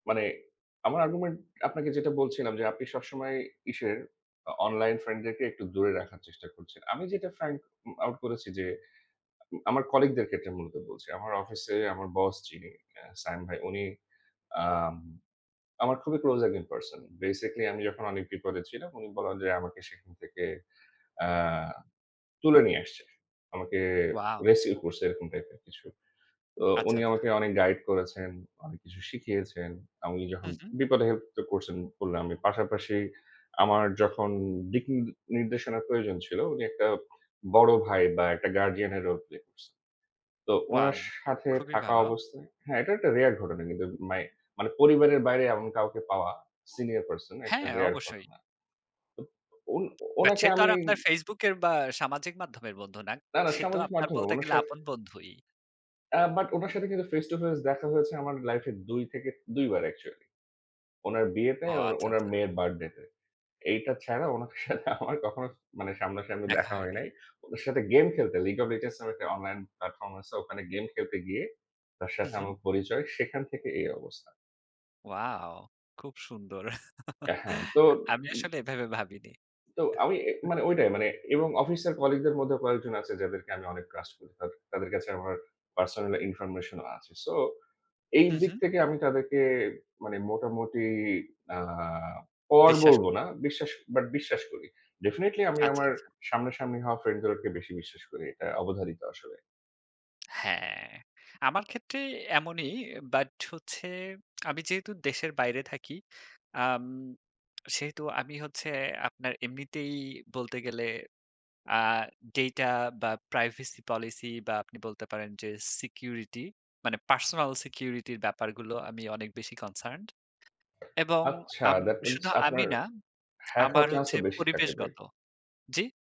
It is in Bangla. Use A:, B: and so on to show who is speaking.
A: মানে আমার argument আপনাকে যেটা বলছিলাম যে, "আপনি সবসময় ইসের অ অনলাইন ফ্রেন্ডদেরকে একটু দূরে রাখার চেষ্টা করছেন।" আমি যেটা find উম out করেছি যে আউ আমার কলিগদের ক্ষেত্রে মূলত বলছি, আমার অফিসে আমার বস যিনি, আ সায়েম ভাই উনি আম আমার খুবই ক্লোজ একজন পারসন। বেসিক্যালি আমি যখন অনেক বিপদে ছিলাম, উনি বলা যায় আমাকে সেখান থেকে অ্যা তুলে নিয়ে আসছে। আমাকে
B: ওয়াও!
A: rescue করছে, এরকম টাইপের কিছু। তো
B: আচ্ছা,
A: উনি
B: আচ্ছা।
A: আমাকে অনেক গাইড করেছেন, অনেক কিছু শিখিয়েছেন। আমি যখন
B: হুম, হুম।
A: "বিপদে হেল্প তো করছেন" বললাম আমি। পাশাপাশি আমার যখন দিক নি নির্দেশনার প্রয়োজন ছিল উনি একটা বড় ভাই বা, একটা গার্ডিয়ানের রোল প্লে করছে। তো
B: ওয়াও!
A: উনার সাথে
B: খুবই
A: থাকা
B: ভালো।
A: অবস্থায় হ্যাঁ এটা একটা রেয়ার ঘটনা কিন্তু মাই মানে পরিবারের বাইরে এমন কাউকে পাওয়া, সিনিয়র পারসন, একটা
B: হ্যাঁ,
A: রেয়ার
B: অবশ্যই।
A: ঘটনা। ও ওন
B: বাট
A: ওনাকে
B: সে তো আর
A: আমি
B: আপনার Facebook এর বা, সামাজিক মাধ্যমের বন্ধু না।
A: না, না।
B: সে তো
A: সামাজিক
B: আপনার
A: মাধ্যমে
B: বলতে
A: ওনার
B: গেলে
A: সাথে
B: আপন বন্ধুই।
A: আ বাট উনার সাথে কিন্তু ফেস টু ফেস দেখা হয়েছে আমার লাইফে ২ থেকে ২ বার অ্যাকচুয়ালি। ওনার বিয়েতে,
B: ও!
A: ওন
B: আচ্ছা,
A: ওনার
B: আচ্ছা।
A: মেয়ের বার্থডেতে এইটা ছাড়া ওনার সাথে আমার কখনো মানে সামনাসামনি
B: দেখা
A: দেখা হয়
B: হয়নি।
A: নাই। ওনার সাথে গেম খেলতে League of Legends নামে একটা অনলাইন প্লাটফর্ম আছে, ওখানে গেম খেলতে গিয়ে তার
B: উ
A: সাথে
B: হুম।
A: আমার পরিচয়, সেখান থেকে এই অবস্থা।
B: ওয়াও! খুব সুন্দর।
A: অ্যা হ্যাঁ, তো
B: আ আমি
A: উম
B: আসলে এভাবে ভাবিনি।
A: তো আমি মানে এ মানে ঐটাই এবং অফিসের কলিগদের মধ্যে কয়েকজন আছে যাদেরকে আমি অনেক ট্রাস্ট করি। তাদে তাদের কাছে আমার পার্সোনাল ইনফরমেশনও আছে। সো এই
B: হুম,
A: দিক
B: হুম।
A: থেকে আমি তাদেরকে মানে মোটামুটি আ পর
B: বিশ্বাস
A: বলবো
B: [unintelligible]
A: না। বিশ্বাস বাট বিশ্বাস করি। ডেফিনিটলি আমি
B: আচ্ছা,
A: আমার
B: আচ্ছা।
A: সামনাসামনি হওয়া ফ্রেন্ডদেরওকে বেশি বিশ্বাস করি। এটা অবধারিত, আসলে।
B: হ্যাঁ। আমার ক্ষেত্রে এমনই, বাট হচ্ছে আমি যেহেতু দেশের বাইরে থাকি, আম সেহেতু আমি হচ্ছে আপনার এমনিতেই বলতে গেলে আ ডেটা বা, প্রাইভেসি পলিসি বা আপনি বলতে পারেন যে সিকিউরিটি মানে পার্সোনাল সিকিউরিটির ব্যাপারগুলো আমি অনেক বেশি কনসার্নড এবং
A: আচ্ছা!
B: আম
A: that means
B: শুধু আমি
A: আপনার
B: না
A: হ্যাক
B: আমার
A: হওয়ার
B: হচ্ছে
A: চান্সও বেশি থাকে বাই
B: পরিবেশগত জ্বি?